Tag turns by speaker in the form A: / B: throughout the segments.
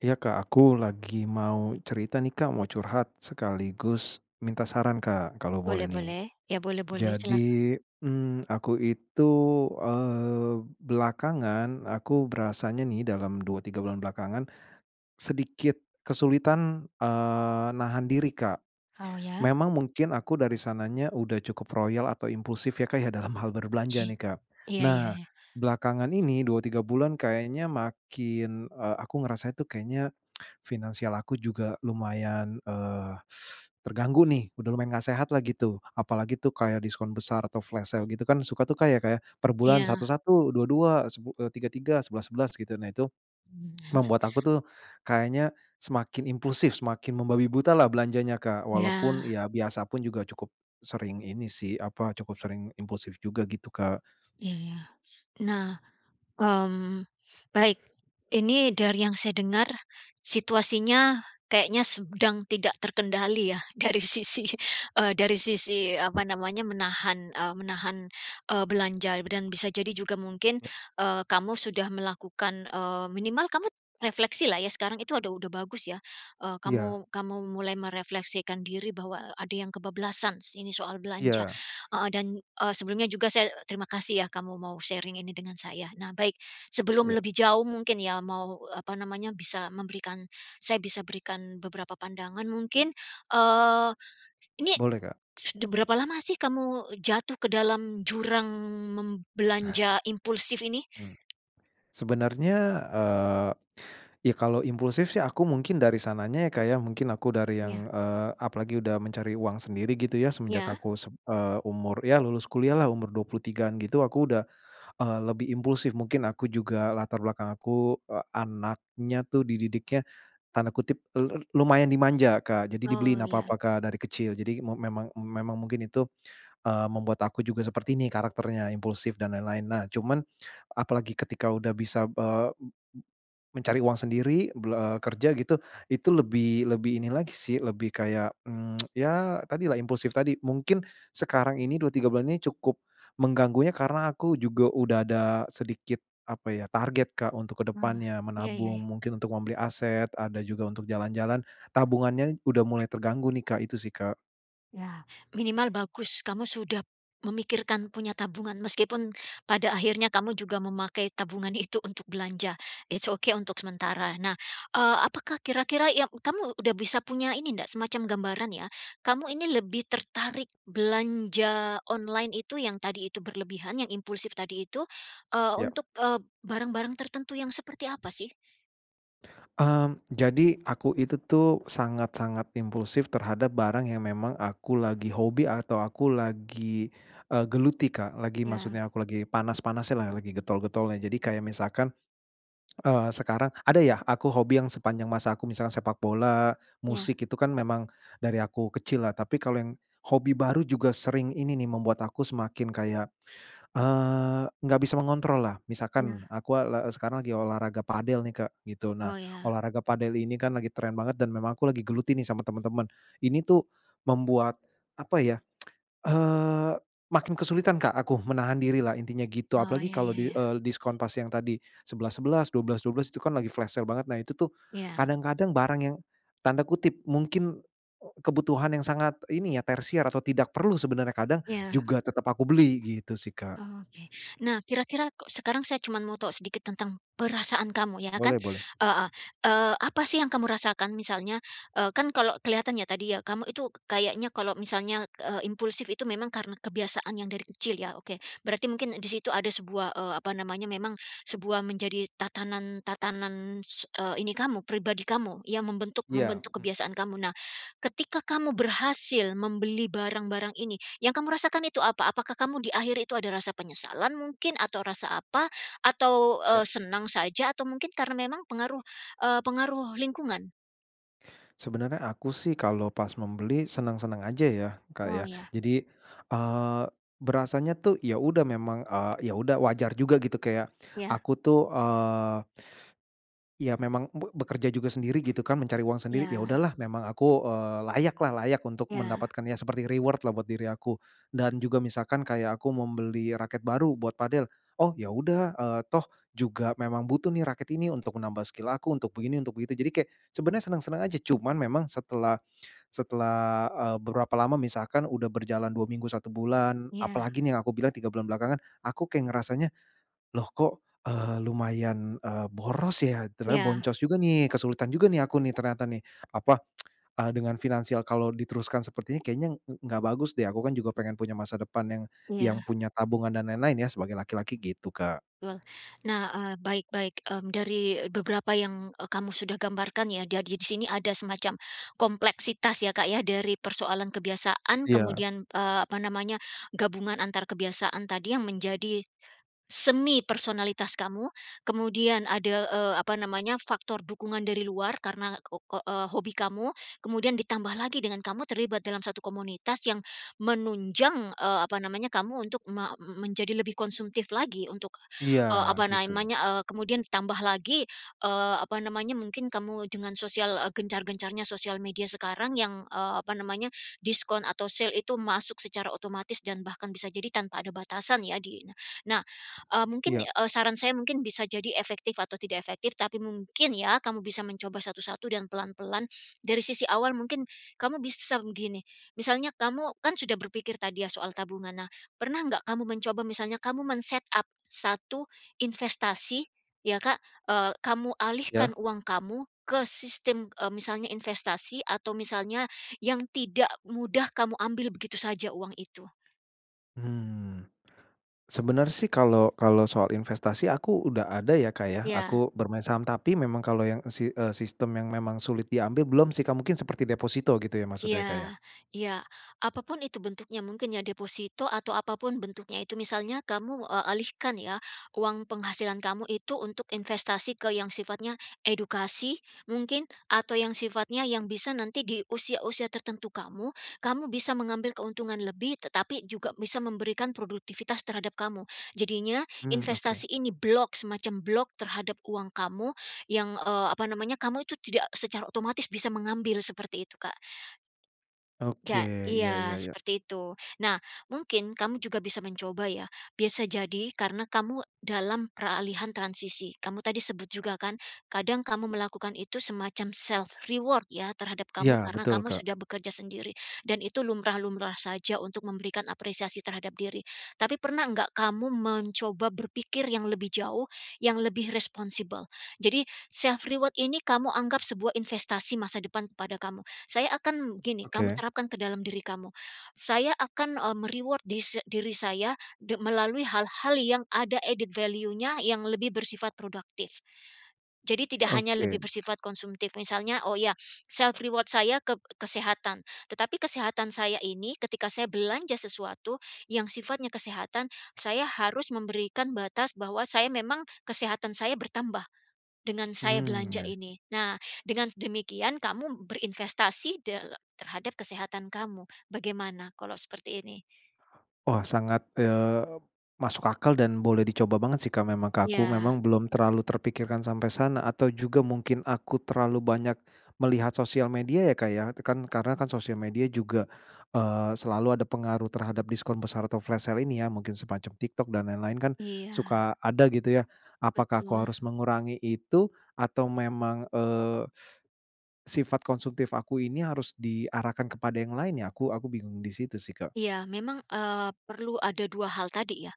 A: Iya Kak, aku lagi mau cerita nih Kak, mau curhat sekaligus minta saran Kak kalau boleh
B: Boleh
A: nih.
B: boleh, ya boleh boleh, silakan.
A: Jadi, mmm, aku itu, eee, belakangan aku berasanya nih dalam 2, 3 bulan belakangan sedikit kesulitan, eee, nahan diri Kak.
B: Oh ya.
A: Memang mungkin aku dari sananya udah cukup royal atau impulsif ya Kak ya dalam hal berbelanja nih Kak.
B: Iya iya,
A: Nah
B: ya.
A: belakangan ini 2, 3 bulan kayaknya makin, eee, aku ngerasanya tuh kayaknya finansial aku juga lumayan, eee, terganggu nih udah lumayan nggak sehatlah gitu. Apalagi tuh kayak diskon besar atau flash sale gitu kan suka tuh Kak, ya Kak ya, per bulan satu
B: Iya.
A: satu, 2.2, sebu eee, 3.3, 11.11 gitu. Nah itu membuat aku tuh kayaknya semakin impulsif semakin membabi butalah belanjanya Kak walaupun
B: Iya.
A: ya biasa pun juga cukup sering ini sih, apa, cukup sering impulsif juga gitu Kak.
B: Iya. Nah. Mmm, baik. Ini dari yang saya dengar situasinya kayaknya sedang tidak terkendali ya, dari sisi eee, dari sisi apa namanya menahan, eee menahan, eee belanja dan bisa jadi juga mungkin,
A: Iya.
B: eee, kamu sudah melakukan eee, minimal kamu refleksilah ya sekarang itu ada udah bagus ya. Eee,
A: Iya.
B: kamu kamu mulai merefleksikan diri bahwa, eee, ada yang kebablasan sini soal belanja.
A: Iya.
B: Heeh dan, eee, sebelumnya juga saya terima kasih ya kamu mau sharing ini dengan saya. Nah baik sebelum
A: Ya.
B: lebih jauh mungkin ya, mau, eee apa namanya, bisa memberikan saya bisa berikan beberapa pandangan mungkin, eee, ini
A: Boleh Kak.
B: sudah berapa lama sih kamu jatuh ke dalam jurang, mem belanja impulsif ini?
A: Hmm. Sebenarnya, eee, ya kalau impulsif sih aku mungkin dari sananya ya Kak ya mungkin aku dari
B: Iya.
A: yang eee, apalagi udah mencari uang sendiri gitu ya semenjak
B: Iya.
A: aku sem eee, umur ya lulus kuliahlah umur 23-an gitu aku udah, eee, lebih impulsif mungkin aku juga latar belakang aku, eee, anaknya tuh dididiknya tanda kutip lu lumayan "dimanja" Kak, jadi dibeliin
B: Oh, iya.
A: apa-apa Kak dari kecil. Jadi me memang memang mungkin itu, eee, membuat aku juga seperti ini karakternya impulsif dan lain-lain. Nah cuman apalagi ketika udah bisa, eee, m m mencari uang sendiri, bela kerja gitu, itu lebih lebih ini lagi sih lebih kayak, mmm, ya tadilah impulsif tadi mungkin sekarang ini 2, 3 bulan ini cukup mengganggunya karena aku juga udah ada sedikit apa ya target Kak untuk ke
B: Ah,
A: depannya.
B: iya iya,
A: Menabung
B: ya.
A: mungkin untuk membeli aset, ada juga untuk jalan-jalan, tabungannya udah mulai terganggu nih Kak, itu sih Kak.
B: Ya. Minimal bagus kamu sudah memikirkan punya tabungan meskipun pada akhirnya kamu juga memakai tabungan itu untuk belanja. It's ok untuk sementara. Nah, eee, apakah kira-kira yang kamu sudah bisa punya ini ndak semacam gambaran ya, kamu ini lebih tertarik belanja online itu yang tadi itu berlebihan, yang impulsif tadi itu, eee,
A: Ya.
B: untuk eee barang-barang tertentu yang seperti apa sih?
A: Mmm, jadi aku itu tuh sangat-sangat impulsif terhadap barang yang memang aku lagi hobi atau aku lagi, eee geluti Kak, lagi
B: Iya.
A: maksudnya aku lagi panas-panasnyalah, lagi getol-getolnya. Jadi kayak misalkan, eee, sekarang ada ya aku hobi yang sepanjang masa aku misalnya sepak bola,
B: Iya.
A: musik itu kan memang dari aku kecillah, tapi kalau yang hobi baru juga sering ini nih membuat aku semakin kayak, eee, nggak bisa mengontrollah,
B: Iya.
A: misalkan aku, eee, la sekarang lagi olahraga padel nih Kak gitu, nah
B: Oh ya.
A: olahraga padel ini kan lagi tren banget dan memang aku lagi geluti nih sama teman-teman, ini tuh membuat apa ya, eee, makin kesulitan Kak aku menahan dirilah intinya gitu.
B: Oh,
A: Apalagi
B: iya
A: kalau
B: iya
A: di
B: iya.
A: eee, diskon pas yang tadi 11.11, 12.12, itu kan lagi flash sale banget, nah itu tuh
B: Iya.
A: kadang-kadang barang yang tanda kutip mungkin, eee, kebutuhan yang sangat ini ya, "tersier" atau tidak perlu sebenarnya kadang
B: Iya.
A: juga tetap aku beli gitu sih Kak.
B: Oke. Nah, kira-kira kok sekarang saya cuman mau tahu sedikit tentang perasaan kamu, ya kan,
A: Boleh boleh.
B: heeh. Eee, apa sih yang kamu rasakan? Misalnya, eee, kan kalau kelihatan ya tadi ya, kamu itu ka kayaknya kalau misalnya, eee, impulsif itu memang karena kebiasaan yang dari kecil, ya? Oke. Berarti mungkin di situ ada sebuah, eee, apa namanya, memang, sebuah menjadi tatanan-tatanan, eee ini kamu, pribadi kamu yang membentuk
A: Iya,
B: membentuk
A: mmm.
B: kebiasaan kamu. Nah, ketika kamu berhasil membeli barang-barang ini, yang kamu rasakan itu apa? Apakah kamu di akhir itu ada rasa penyesalan mungkin? Atau rasa apa? Atau,
A: Iya.
B: eee, senang saja? Atau mungkin karena memang pengaruh, eee, pengaruh lingkungan?
A: Sebenarnya aku sih kalau pas membeli senang-senang aja ya Kak
B: Oh
A: ya.
B: iya.
A: Jadi, eee, berasanya tuh ya udah memang, eee, ya udah wajar juga gitu kayak
B: Ya.
A: aku tuh, eee, iya memang be bekerja juga sendiri gitu kan, mencari uang sendiri, ya
B: Iya.
A: udahlah memang aku, eee, layakla, layak untuk
B: Ya.
A: mendapatkan ya seperti reward-lah buat diri aku. Dan juga misalkan kayak aku membeli raket baru buat padel, "Oh ya udah, eee, toh juga memang butuh nih raket ini untuk menambah skill aku untuk begini, untuk begitu." Jadi kayak sebenarnya senang-senang aja, cuman memang setelah setelah, eee, beberapa lama misalkan udah berjalan 2 minggu, 1 bulan
B: Iya.
A: apalagi nih yang aku bilang 3 bulan belakangan aku kayak ngerasanya, "Loh kok, eee, lumayan, eee, boros ya, ternyata
B: Iya.
A: boncos juga nih kesulitan juga nih aku nih ternyata nih. Apa, eee, dengan finansial kalau diteruskan seperti ini kayaknya ng nggak bagus deh aku kan juga pengen punya masa depan yang yang
B: Iya.
A: punya tabungan dan lain-lain ya sebagai laki-laki." Gitu Kak.
B: Betul. Nah, eee, baik baik. Mmm, dari beberapa yang, eee, kamu sudah gambarkan ya dari sini ada semacam kompleksitas ya Kak ya dari persoalan kebiasaan,
A: Iya.
B: kemudian, eee, apa namanya, gabungan antar kebiasaan tadi yang menjadi semi personalitas kamu, kemudian ada, eee, apa namanya, faktor dukungan dari luar karena ke ko eee, hobi kamu, kemudian ditambah lagi dengan kamu terlibat dalam 1 komunitas yang menunjang, eee, apa namanya, kamu untuk me menjadi lebih konsumtif lagi untuk,
A: Iya
B: eee, apa
A: gitu.
B: namanya, eee, kemudian ditambah lagi, eee, apa namanya, mungkin kamu dengan sosial, eee, gencar-gencarnya sosial media sekarang yang, eee, apa namanya, diskon atau sale itu masuk secara otomatis dan bahkan bisa jadi tanpa ada batasan ya di ini. Nah, eee, mungkin,
A: Iya.
B: eee, saran saya mungkin bisa jadi efektif atau tidak efektif tapi mungkin ya, kamu bisa mencoba satu-satu dan pelan-pelan, dari sisi awal mungkin kamu bisa begini, misalnya kamu kan sudah berpikir tadi ya soal tabungan, nah pernah nggak kamu mencoba misalnya kamu men-set up satu investasi ya Kak, eee, kamu alihkan
A: Ya.
B: uang kamu ke sistem, eee, misalnya investasi atau misalnya yang tidak mudah kamu ambil begitu saja uang itu.
A: Mmm, sebenarnya sih kalau kalau soal investasi aku udah ada ya Kak ya,
B: Iya.
A: aku bermain saham, tapi memang kalau yang, eee, si eee, sistem yang memang sulit diambil belum sih Kak, mungkin seperti deposito gitu ya maksudnya ya Kak ya?
B: Iya iya. Apa pun itu bentuknya mungkin ya deposito atau apa pun bentuknya itu misalnya kamu, eee, alihkan ya, uang penghasilan kamu itu untuk investasi ke yang sifatnya edukasi mungkin atau yang sifatnya yang bisa nanti di usia-usia tertentu kamu, kamu bisa mengambil keuntungan lebih tetapi juga bisa memberikan produktivitas terhadap kamu. Jadinya
A: Mmm, oke.
B: investasi ini block, semacam block terhadap uang kamu yang, eee, apa namanya kamu itu tidak secara otomatis bisa mengambil seperti itu Kak.
A: Oke,
B: Ja
A: iya iya
B: iya
A: iya.
B: seperti itu. Nah mungkin kamu juga bisa mencoba ya, biasa jadi karena kamu dalam peralihan transisi. Kamu tadi sebut juga kan kadang kamu melakukan itu semacam self reward ya, terhadap
A: Iya
B: kamu karena
A: betul
B: kamu
A: Kak.
B: sudah bekerja sendiri dan itu lumrah-lumrah saja untuk memberikan apresiasi terhadap diri. Tapi pernah enggak kamu mencoba berpikir yang lebih jauh, yang lebih responsible? Jadi self reward ini kamu anggap sebuah investasi masa depan kepada kamu. Saya akan gini, kamu
A: Oke.
B: terapkan ke dalam diri kamu, "Saya akan eee me-reward dise diri saya, de melalui hal-hal yang ada added value-nya, yang lebih bersifat produktif, jadi tidak hanya lebih
A: Oke.
B: bersifat konsumtif misalnya, oh ya self reward saya ke kesehatan, tetapi kesehatan saya ini ketika saya belanja sesuatu yang sifatnya kesehatan, saya harus memberikan batas bahwa saya memang kesehatan saya bertambah dengan saya
A: Hmm,
B: belanja
A: ya.
B: ini." Nah, dengan demikian kamu berinvestasi dala terhadap kesehatan kamu. Bagaimana kalau seperti ini?
A: Wah sangat, eee, masuk akal dan boleh dicoba banget sih Kak memang ke aku
B: Iya.
A: memang belum terlalu terpikirkan sampai sana, atau juga mungkin aku terlalu banyak melihat sosial media ya Kak ya, kan karena kan sosial media juga, eee, selalu ada pengaruh terhadap diskon besar atau flash sale ini ya, mungkin semacam TikTok dan lain-lain kan
B: Iya.
A: suka ada gitu ya, apakah aku
B: Betul.
A: harus mengurangi itu atau memang, eee, sifat konsumtif aku ini harus diarahkan kepada yang lain ya? Aku aku bingung di situ sih Kak.
B: Iya. Memang, eee, perlu ada 2 hal tadi ya.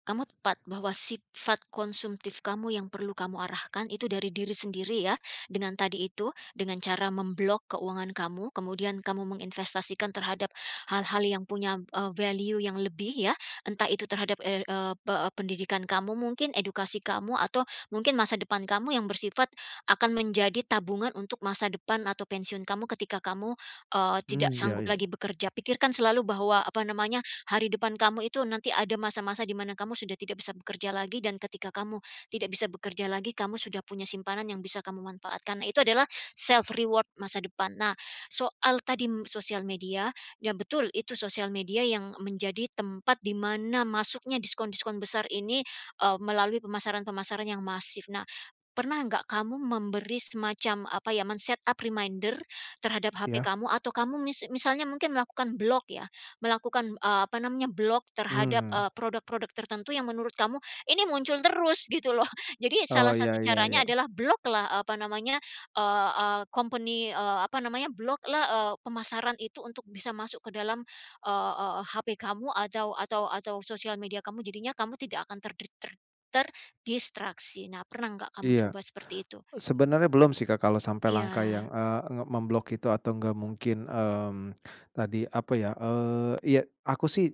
B: Kamu tepat bahwa sifat konsumtif kamu yang perlu kamu arahkan itu dari diri sendiri ya, dengan tadi itu, dengan cara mem-block keuangan kamu, kemudian kamu menginvestasikan terhadap hal-hal yang punya, eee, value yang lebih ya, entah itu terhadap er eee, pe pendidikan kamu mungkin, edukasi kamu atau mungkin masa depan kamu yang bersifat akan menjadi tabungan untuk masa depan atau pensiun kamu ketika kamu, eee, tidak
A: Mmm, iya
B: sanggup
A: iya.
B: lagi bekerja. Pikirkan selalu bahwa apa namanya, hari depan kamu itu nanti ada masa-masa di mana kamu sudah tidak bisa bekerja lagi dan ketika kamu tidak bisa bekerja lagi, kamu sudah punya simpanan yang bisa kamu manfaatkan itu adalah self reward masa depan. Nah soal tadi sosial media ya betul itu sosial media yang menjadi tempat di mana masuknya diskon-diskon besar ini, eee, melalui pemasaran-pemasaran yang masif. Nah pernah nggak kamu memberi semacam apa ya, men-set up reminder terhadap HP
A: Iya.
B: kamu atau kamu mis misalnya mungkin melakukan block ya, melakukan, eee, apa namanya, block terhadap,
A: Mmm.
B: eee, produk-produk tertentu yang menurut kamu ini muncul terus gitu loh. Jadi salah
A: Oh, iya
B: satu
A: iya
B: caranya
A: iya.
B: adalah block-lah, eee, apa namanya, eee eee, company, eee, apa namanya, block-lah, eee, pemasaran itu untuk bisa masuk ke dalam, eee eee, HP kamu atau atau atau sosial media kamu. Jadinya kamu tidak akan terdik ter terdistraksi, nah pernah nggak kamu
A: Iya.
B: coba seperti itu?
A: Sebenarnya belum sih Kak, kalau sampai langkah
B: Iya.
A: yang, eee, nge mem-block itu atau nggak mungkin, mmm, tadi apa ya, eee, iya aku sih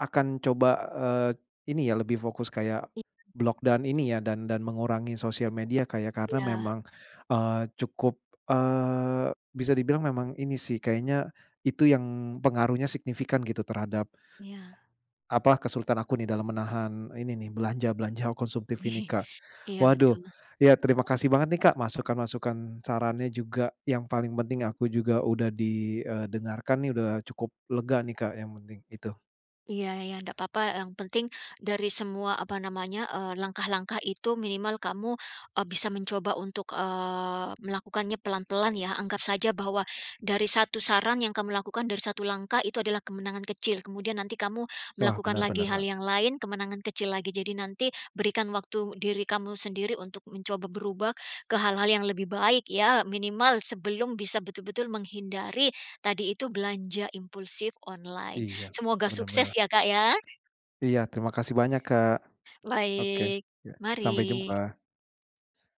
A: akan coba, eee, ini ya lebih fokus kayak
B: Iya.
A: block dan ini ya dan dan mengurangi sosial media Kak ya, karena
B: Iya.
A: memang, eee, cukup, eee, bisa dibilang memang ini sih kayaknya itu yang pengaruhnya signifikan gitu terhadap
B: Iya.
A: apa kesulitan aku nih dalam menahan ini nih belanja-belanja konsumtif ini Kak.
B: Iya,
A: Waduh
B: betul.
A: ya terima kasih banget nih Kak masukan-masukan, sarannya juga yang paling penting aku juga udah di, eee, dengarkan nih udah cukup lega nih Kak yang penting, itu.
B: Iya iya, ndak papa, yang penting dari semua, apa namanya, eee, langkah-langkah itu minimal kamu, eee, bisa mencoba untuk, eee, melakukannya pelan-pelan ya. Anggap saja bahwa dari satu saran yang kamu lakukan, dari satu langkah itu adalah kemenangan kecil, kemudian nanti kamu
A: Wah,
B: melakukan
A: bener bener,
B: lagi hal
A: Kak.
B: yang lain kemenangan kecil lagi. Jadi nanti berikan waktu diri kamu sendiri untuk mencoba berubah ke hal-hal yang lebih baik ya minimal sebelum bisa betul-betul menghindari tadi itu belanja impulsif online.
A: Iya,
B: Semoga
A: bener
B: sukses
A: bener.
B: ya Kak ya!
A: Iya, terima kasih banyak, Kak. Oke.
B: Baik.
A: Ya. Sampai
B: Mari.
A: jumpa.